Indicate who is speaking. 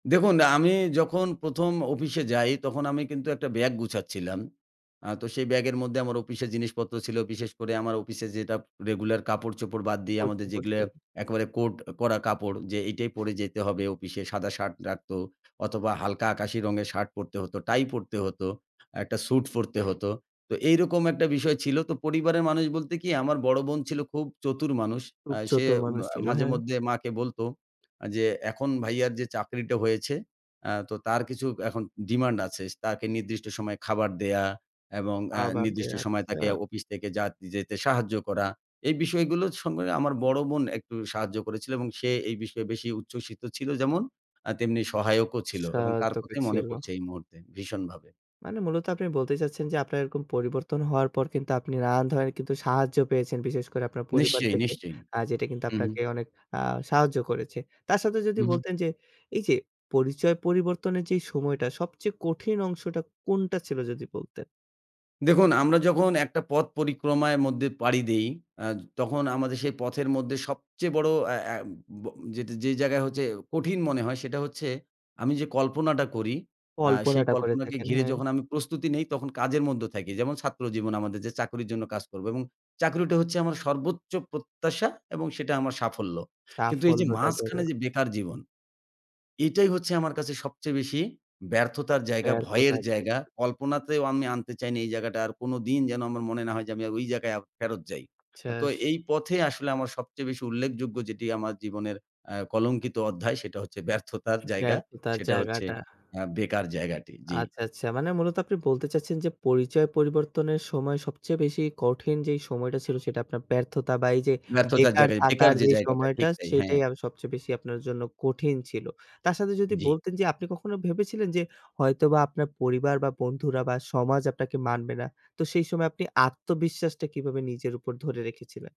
Speaker 1: দেখুন আমি যখন ১ম অফিসে যাই তখন আমি কিন্তু একটা ব্যাগ গুছাচ্ছিলাম। আ তো সেই ব্যাগের মধ্যে আমার অফিসে জিনিসপত্র ছিল বিশেষ করে আমার অফিসে যেটা রেগুলার কাপড়-চোপড় বাদ দিয়ে
Speaker 2: করছে,
Speaker 1: আমাদের যেগুলো
Speaker 2: করছে।
Speaker 1: একেবারে কোট করা কাপড় যে এইটাই পরে যেতে হবে, অফিসে সাদা শার্ট রাখতো অথবা হালকা আকাশি রঙের শার্ট পরতে হতো টাই পরতে হতো, একটা স্যুট পরতে হতো, তো এইরকম একটা বিষয় ছিল। তো পরিবারের মানুষ বলতে কি আমার বড়ো বোন ছিল খুব চতুর মানুষ
Speaker 2: খুব
Speaker 1: আ সে
Speaker 2: চতুর
Speaker 1: ম
Speaker 2: মানুষ ছিল।
Speaker 1: মাঝে
Speaker 2: হ্যাঁ।
Speaker 1: মধ্যে মাকে বলত যে এখন ভাইয়ার যে চাকরিটা হয়েছে তো, তার কিছু এখন ডিমান্ড আছে। তাকে নির্দিষ্ট সময়ে খাবার দেয়া এবং আ
Speaker 2: আবার দে
Speaker 1: নির্দিষ্ট সময়ে তাকে
Speaker 2: আচ্ছা।
Speaker 1: অফিস থেকে যা যেতে সাহায্য করা। এই বিষয়গুলোর সঙ্গে আমার বড় বোন একটু সাহায্য করেছিল এবং সে এই বিষয়ে বেশি উচ্ছ্বসিত ছিল যেমন তেমনি সহায়কও ছিল
Speaker 2: সা
Speaker 1: এবং তার
Speaker 2: তোকে
Speaker 1: কথাই মনে
Speaker 2: ছিল।
Speaker 1: পড়ছে এই মুহূর্তে ভীষণভাবে।
Speaker 2: মানে মূলত আপনি বলতে চাচ্ছেন যে, আপনার এরকম পরিবর্তন হওয়ার পর কিন্তু আপনি নানান ধরনের কিন্তু সাহায্য পেয়েছেন। বিশেষ করে আপনার পরিবার
Speaker 1: নিশ্চয়ই,
Speaker 2: থেকে
Speaker 1: নিশ্চয়ই।
Speaker 2: আ যেটা কিন্তু
Speaker 1: হু, হু।
Speaker 2: আপনাকে অনেক আ সাহায্য করেছে। তার সাথে যদি
Speaker 1: হু, হু।
Speaker 2: বলতেন যে, এই যে পরিচয় পরিবর্তনের যে সময়টা সবচেয়ে কঠিন অংশটা কোনটা ছিল যদি বলতেন?
Speaker 1: দেখুন আমরা যখন একটা পথ পরিক্রমার মধ্যে পাড়ি দেই আ তখন আমাদের সেই পথের মধ্যে সবচেয়ে বড় আ আ ব যে জায়গায় হচ্ছে কঠিন মনে হয় সেটা হচ্ছে আমি যে কল্পনাটা করি আ সেই
Speaker 2: কল্পনাটা করে
Speaker 1: কল্পনাকে
Speaker 2: থাকেন,
Speaker 1: ঘিরে,
Speaker 2: হ্যাঁ।
Speaker 1: যখন আমি প্রস্তুতি নেই তখন কাজের মধ্যে থাকি, যেমন ছাত্র জীবন আমাদের যে চাকরির জন্য কাজ করবো এবং চাকরিটা হচ্ছে আমার সর্বোচ্চ প্রত্যাশা এবং সেটা আমার সাফল্য। কিন্তু এই যে
Speaker 2: সাফল্যটা ধরো।
Speaker 1: মাঝখানে যে বেকার জীবন, এটাই হচ্ছে আমার কাছে সবচেয়ে বেশি ব্যর্থতার জায়গা ভয়ের
Speaker 2: ব্যর্থতা থেকে।
Speaker 1: জায়গা, কল্পনাতেও আমি আনতে চাই না এই জায়গাটা। আর কোনদিন যেন আমার মনে না হয় যে, আমি ওই জায়গায় ফেরত যাই। তো
Speaker 2: শেষ।
Speaker 1: এই পথে আসলে আমার সবচেয়ে বেশি উল্লেখযোগ্য যেটি আমার জীবনের আ কলঙ্কিত অধ্যায় সেটা হচ্ছে ব্যর্থতার জায়গা।
Speaker 2: ব্যর্থতার
Speaker 1: সেটা হচ্ছে
Speaker 2: জায়গাটা।
Speaker 1: আ বেকার জায়গাটি, জি।
Speaker 2: আচ্ছা, আচ্ছা। মানে মূলত আপনি বলতে চাচ্ছেন যে, পরিচয় পরিবর্তনের সময় সবচেয়ে বেশি কঠিন যে সময়টা ছিল সেটা আপনার ব্যর্থতা বা এই যে
Speaker 1: ব্যর্থতার
Speaker 2: বেকার
Speaker 1: জায়গায়, বেকার
Speaker 2: থাকার
Speaker 1: যে
Speaker 2: যে
Speaker 1: জায়গাটা।
Speaker 2: সময়টা
Speaker 1: ঠিক তাই, হ্যাঁ।
Speaker 2: সেটাই সবচেয়ে বেশি আপনার জন্য কঠিন ছিল। তার সাথে যদি
Speaker 1: জি।
Speaker 2: বলতেন যে, আপনি কখনো ভেবেছিলেন যে, হয়তোবা আপনার পরিবার বা বন্ধুরা বা সমাজ আপনাকে মানবে না। তো সেই সময় আপনি আত্মবিশ্বাসটা কিভাবে নিজের উপর ধরে রেখেছিলেন।